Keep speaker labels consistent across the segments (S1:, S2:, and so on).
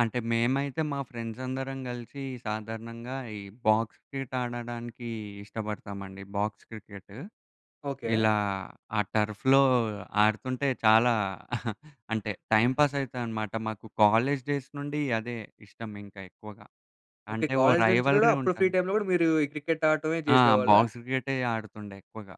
S1: అంటే, మేమైతే, మా ఫ్రెండ్సందరం గలిసి సాధారణంగా, ఈ బాక్స్ క్రికెట్ ఆడడానికి ఇష్టబడతామండి. Box cricket.
S2: ఓకే.
S1: ఇలా ఆ టర్ఫ్‌లో ఆడుతుంటే, చాలా అంటే, టైంపాసయితా అనమాట. మాకు కాలేజ్ డేస్ నుండీ అదే ఇష్టమింక ఎక్కువగా.
S2: ఓకే.
S1: అంటే ఓ
S2: కాలేజీ నుంచి గూడా,
S1: రైవల్రీ
S2: అప్పుడు ఫ్రీ
S1: ఉంటాను.
S2: టైమ్‌లో గూడా, మీరూ ఈ క్రికెట్టు ఆట్టమే
S1: ఆ!
S2: జేసేవాళ్ళా?
S1: బాక్స్ క్రికెటే ఆడుతుండే ఎక్కువగా.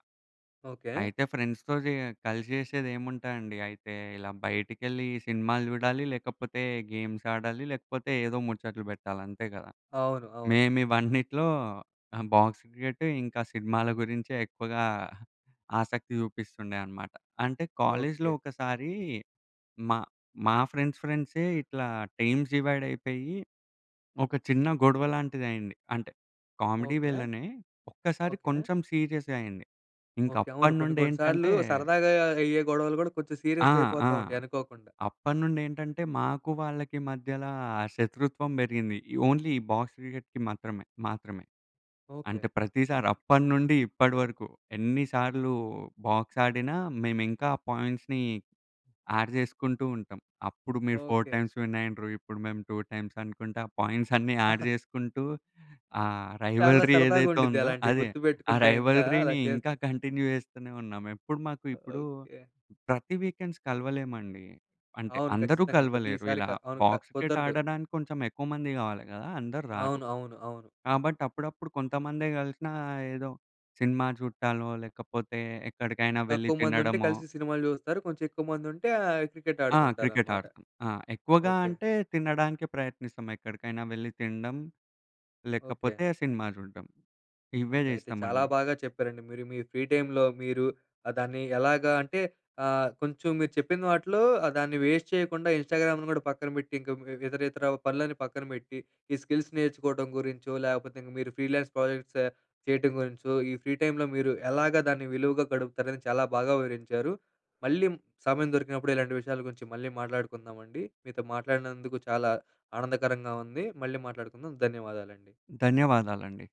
S2: ఓకే.
S1: అయితే ఫ్రెండ్స్‌తో జేయ కలిసి జేసేదేముంటాయండి, అయితే ఇలా బయటికెళ్ళి సినిమాలు జూడాలి, లేకపోతే గేమ్సాడాలి, లేకపోతే ఏదో ముచట్లు బెట్టాలంతే గదా!
S2: అవును. అవును.
S1: మేము ఇవన్నిటిలో, ఆహ్, బాక్స్ క్రికెట్టు, ఇంకా సినిమాల గురించే ఎక్కువగా ఆసక్తి జూపిస్తుండే అనమాట. అంటే, కాలేజీలో
S2: ఓకే.
S1: ఒకసారీ, మా మా ఫ్రెండ్స్ ఫ్రెండ్సే ఇట్లా, టీమ్స్ డివైడయిపోయి, ఒక చిన్న గొడవ లాంటిదయింది. అంటే, కామెడీ
S2: ఓకే.
S1: వెల్లనే. ఒక్కసారి
S2: ఓకే.
S1: కొంచెం సీరియసయింది.
S2: ఓకే. అవును, కొన్ని కొన్ని సార్లూ,
S1: ఇంకప్పడినుండేంటంటే
S2: సరదాగా అయ్యే గొడవలు గూడా, కొంచెం
S1: ఆ! ఆ!
S2: సీరియసయిపోతా ఉంటాయి అనుకోకుండా.
S1: అప్పడినుండేంటంటే, మాకు వాళ్ళకి మధ్యలా, శత్రుత్వం బెరిగింది. ఈ ఓన్లీ ఈ బాక్స్ క్రికెట్‌కి మాత్రమే. మాత్రమే.
S2: ఓకే.
S1: అంటే ప్రతిసారప్పడినుండి, ఇప్పడి వరకు, ఎన్ని సార్లూ బాక్సాడినా, మేమింకా ఆ పాయింట్స్‌ని యాడ్ జేసుకుంటూ ఉంటాం. అప్పుడు మీరు 4
S2: ఓకే.
S1: టైమ్స్ విన్నయిండ్రు, ఇప్పుడు మేము 2 టైమ్సనుకుంటా, ఆ పాయింట్సన్నీ యాడ్ జేసుకుంటూ, ఆహ్,
S2: చాలా
S1: రైవల్రీ
S2: సరదాగా
S1: ఏదైతే
S2: ఉండిద్ది,
S1: ఉందో
S2: అలాంటియి
S1: అదే. ఆ
S2: గుర్తుపెట్టుకుంటే, ఇంకా అలా
S1: రైవల్రీని ఇంకా
S2: చేస్తు
S1: కంటిన్యూ జేస్తూనే ఉన్నాం. ఎప్పుడు మాకు ఇప్పుడూ
S2: ఓకే.
S1: ప్రతి వీకెండ్స్ కలవలేమండి. అంటే,
S2: అవును.
S1: అందరూ
S2: ఖచ్చితంగా,
S1: కలవలేరు.
S2: ప్రతీసారి
S1: ఇలా
S2: క అవును క
S1: బాక్స్ క్రికెట్
S2: కుదరదు.
S1: ఆడడానికి, కొంచెం ఎక్కువ మంది గావాలి గదా! అందరూ రారు.
S2: అవును. అవును. అవును.
S1: కాబట్టి అప్పుడప్పుడు కొంతమందే గలిసినా, ఏదో సినిమా జూడటాలో, లేకపోతే ఎక్కడికైనా వెళ్ళి
S2: తక్కువ మందుంటే,
S1: తినడమో
S2: కలిసి సినిమాలు జూస్తారు. కొంచెం ఎక్కువ మందుంటే ఆహ్,
S1: ఆ!
S2: క్రికెట్టాడుకుంటారనమాట.
S1: క్రికెట్టాడతం. ఆ! ఎక్కువగా
S2: ఓకే.
S1: అంటే, తినడానికే ప్రయత్నిస్తాం. ఎక్కడికైనా వెళ్లి తిండం,
S2: ఓకే.
S1: లేకపోతే సినిమా జూడడం. ఇవే
S2: ఓకే. అయితే చాలా
S1: జేస్తామండి.
S2: బాగా చెప్పారండి, మీరు మీ ఫ్రీ టైమ్‌లో మీరు ఆహ్, దాన్ని ఎలాగా అంటే, ఆహ్, కొంచెం మీరు చెప్పిన వాటిలో ఆహ్, దాన్ని వేస్ట్ చేయకుండా, ఇన్‌స్టాగ్రామును గూడా పక్కన బెట్టింక హ్మ్, వే ఇతరితరా పనులన్నీ పక్కన బెట్టి, ఈ స్కిల్స్ నేర్చుకోటం గురించో, లేకపోతింక మీరు ఫ్రీలాన్స్ ప్రాజెక్ట్సా చేయటం గురించో, ఈ ఫ్రీ టైమ్‌లో మీరు, ఎలాగా దాన్ని విలువగా గడుపుతారని, చాలా బాగా వివరించారు. మళ్ళీ సమయం దొరికినప్పుడు, ఇలాంటి విషయాల గురించి మళ్ళీ మాట్లాడుకుందామండి. మీతో మాట్లాడినందుకు చాలా ఆనందకరంగా ఉంది, మళ్ళీ మాట్లాడుకుందాం, ధన్యవాదాలండి.
S1: ధన్యవాదాలండి.